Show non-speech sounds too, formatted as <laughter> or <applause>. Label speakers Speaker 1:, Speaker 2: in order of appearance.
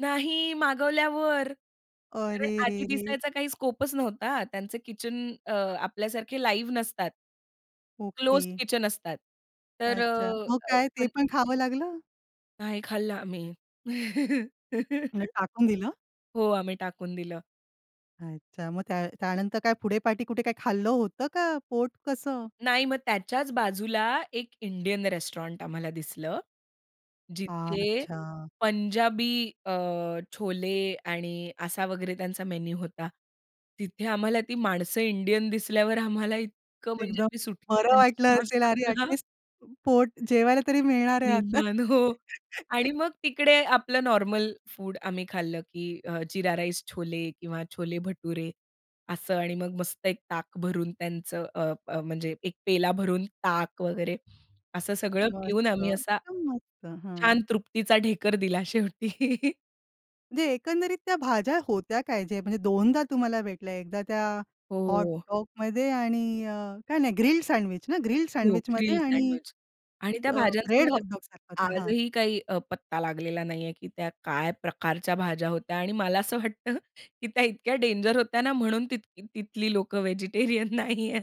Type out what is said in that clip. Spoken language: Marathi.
Speaker 1: नाही मागवल्यावर, कारण
Speaker 2: अरे रे
Speaker 1: आधी
Speaker 2: रे!
Speaker 1: दिसायचा काही स्कोप नव्हता. त्यांचे किचन अ, आपल्यासारखे लाईव्ह नसतात. Closed
Speaker 2: okay.
Speaker 1: किचन असतात. तर
Speaker 2: अच्छा.
Speaker 1: अ,
Speaker 2: मग काय ते
Speaker 1: आपण
Speaker 2: पण खावं लागलं?
Speaker 1: नाही खाल्लं आम्ही.
Speaker 2: मग
Speaker 1: <giggles>
Speaker 2: टाकून दिलं?
Speaker 1: हो, आम्ही टाकून दिलं.
Speaker 2: अच्छा. मग त्या त्यानंतर काय पुढे-पाठी कुठे काय खाल्लं होतं का? पोट कसं?
Speaker 1: नाही. मग त्याच्याच बाजूला एक इंडियन रेस्टॉरंट आम्हाला दिसलं. जिथे
Speaker 2: अच्छा!
Speaker 1: पंजाबी अ, छोले आणि असा वगैरे त्यांचा मेनू होता. तिथे आम्हाला ती माणसं इंडियन दिसल्यावर आम्हाला इतकं म्हणजे
Speaker 2: एकदम
Speaker 1: आम्ही
Speaker 2: बरं
Speaker 1: सुटकेचा
Speaker 2: वाटलं
Speaker 1: निश्वास
Speaker 2: असेल, अरे
Speaker 1: टाकला ना
Speaker 2: ॲटलीस्ट पोट जेवायला तरी मिळणार आहे आता.
Speaker 1: निदान हो
Speaker 2: <chuckles>
Speaker 1: आणि मग तिकडे आपलं नॉर्मल फूड आम्ही खाल्लं की अ, जीरा राईस छोले किंवा छोले भटुरे, असं आणि मग मस्त एक ताक भरून त्यांचं अ, अ, म्हणजे एक पेला भरून ताक वगैरे असं सगळं पिऊन
Speaker 2: मस्त
Speaker 1: आम्ही असा,
Speaker 2: एकदम मस्त! हं.
Speaker 1: छान तृप्तीचा ढेकर दिला शेवटी. <chuckles>
Speaker 2: म्हणजे एकंदरीत त्या भाज्या होत्या काय? जे म्हणजे दोनदा तुम्हाला भेटल्या एकदा त्या
Speaker 1: हो.
Speaker 2: हॉटडॉगमध्ये आणि अ, काय नाही ग्रिल्ड सँडविच ना? ग्रिल्ड
Speaker 1: हो,
Speaker 2: सँडविचमध्ये
Speaker 1: ग्रिल
Speaker 2: आणि
Speaker 1: सँडविच आणि
Speaker 2: ज
Speaker 1: त्या भाज्यांचा
Speaker 2: ब्रेड
Speaker 1: मला
Speaker 2: हॉटडॉगसारखा होता, हां.
Speaker 1: आजही काही अ, पत्ता लागलेला नाही आहे की त्या काय प्रकारच्या भाज्या होत्या? आणि मला असं वाटतं की त्या इतक्या डेंजर होत्या ना म्हणून तिथ तिथली लोकं व्हेजिटेरियन नाही आहेत.